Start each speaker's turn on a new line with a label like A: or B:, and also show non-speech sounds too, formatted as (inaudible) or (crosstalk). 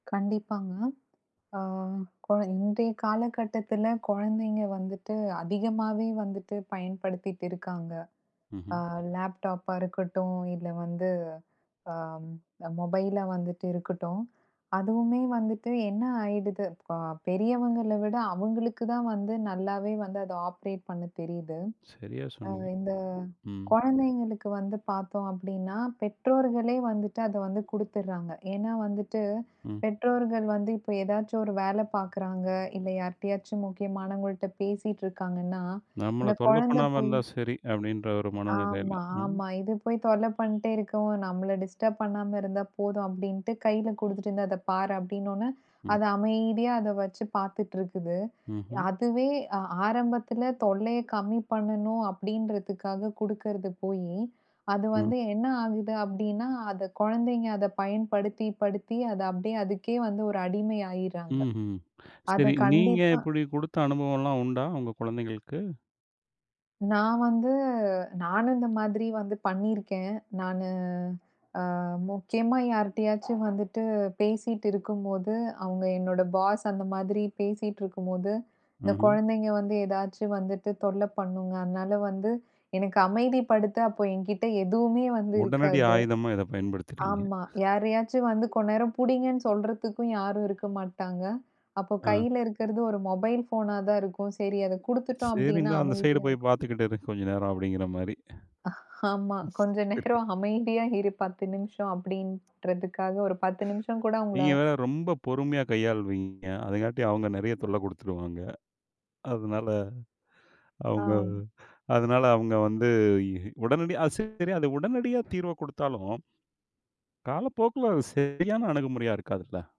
A: கண்டிப்பாங்க. ஓ! கொ இன்றைய காலகட்டத்துல கொழந்தைங்க வந்துட்டு அதிகமாவே வந்துட்டு பயன்படுத்திட்ருக்காங்க. அ
B: ம்ஹ்ம்.
A: லேப்டாப்பா இருக்கட்டும் இல்ல வந்து, ஆ அ மொபைலா வந்துட்டு இருக்கட்டும். அதுவுமே வந்துட்டு என்ன ஆயிடுது இப்ப பெரியவங்கள விட அவுங்களுக்கு தான் வந்து நல்லாவே வந்து அத ஆப்பரேட் பண்ண தெரியுது.
B: சரியா
A: அ
B: சொன்னீங்க.
A: இந்தக்
B: ம்.
A: கொழந்தைங்களுக்கு வந்து பாத்தோம் அப்டின்னா பெற்றோர்களே வந்துட்டு அத வந்து குடுத்துடுர்றாங்க. ஏன்னா வந்துட்டு
B: ம்.
A: பெற்றோர்கள் வந்து இப்ப எதாச்சு ஒரு வேல பாக்குறாங்க. இல்ல யார்ட்டாச்சும் முக்கியமானவங்கள்ட்ட பேசிட்டு இருக்காங்கன்னா
B: நம்மள
A: இந்தக்
B: தொல்ல
A: கொழந்தை
B: பண்ணாம
A: போய்
B: இருந்தா சரி அப்டின்ற ஒரு மனநிலைல.
A: ஆமா,
B: ம்.
A: ஆமா. இது போய் தொல்ல பண்ட்டே இருக்கவும். நம்மள டிஸ்டர்ப் பண்ணாம இருந்தா போதும் அப்டின்டு கைல குடுத்துட்டு அதப் பாரு அப்டின்னனோன
B: ம்.
A: அது அமைதியா அத வச்சு பாத்துட்டுருக்குது.
B: ம்ஹ்ம்.
A: அதுவே அ ஆரம்பத்துல தொல்லைய கம்மி பண்ணனும் அப்டின்றதுக்காகக் குடுக்கறது போயி, அது
B: ம்.
A: வந்து என்ன ஆகுது அப்டின்னா அந்தக் கொழந்தைங்க அதப் பயன்படுத்தி படுத்தி அது அப்டியே அதுக்கே வந்து ஒரு அடிமை ஆயிர்றாங்க.
B: ம்ஹ்ம். சரி
A: அதக்
B: நீங்க
A: கண்டிப்பா
B: இப்டி குடுத்த அனுபவம்ல்லாம் உண்டா உங்க கொழந்தைங்களுக்கு?
A: நான் வந்து நானும் இந்த மாதிரி வந்து பண்ணிருக்கேன். நானு ஆ முக்கியமா யார்ட்டயாச்சும் வந்துட்டு பேசிட்டு இருக்கும்போது அவுங்க என்னோட பாஸ் அந்த மாதிரி பேசிட்டு இருக்கும்போது, இந்தக்
B: ம்ஹ்ம்.
A: கொழந்தைங்க வந்து எதாச்சும் வந்துட்டு தொல்ல பண்ணுங்க. அதனால வந்து எனக்கு அமைதி படுத்த அப்போ என்கிட்ட எதுவுமே வந்து
B: உடனடி
A: இருக்காது.
B: ஆயுதமா இத (chuckles) பயன்படுத்துறீங்க.
A: ஆமா. யாரையாச்சும் வந்து கொஞ்ச நேரம் புடிங்கன்னு சொல்றதுக்கும் யாரும் இருக்க மாட்டாங்க. அப்ப
B: ஆ.
A: கைல இருக்குறது ஒரு மொபைல் ஃபோனா தான் இருக்கும். சரி அதக் குடுத்துட்டோம்
B: சரி.
A: அப்டின்னா,
B: இந்தா அந்த சைடு
A: அமைதியா
B: போய்
A: இருக்கும்.
B: பாத்துகிட்டு இரு, கொஞ்ச நேரம் அப்டிங்கிற மாரி.
A: ஆமா.
B: சரி
A: கொஞ்ச
B: (laughs)
A: நேரம் அமைதியா இரு 10 நிமிஷம் அப்டின்றதுக்காக, ஒரு 10 நிமிஷம் கூட அவுங்கள.
B: நீங்க வேற ரொம்ப பொறுமையா கையாள்வீங்க. அதங்காட்டி அவங்க நெறைய தொல்ல குடுத்துருவாங்க. அதனால அவுங்க அத
A: ஆம்.
B: அதனால அவுங்க வந்து இ உடனடி அது சரி அத உடனடியாகத் தீர்வ குடுத்தாலும், காலப்போக்குல அது சரியான அணுகுமுறையா இருக்காதுல்ல.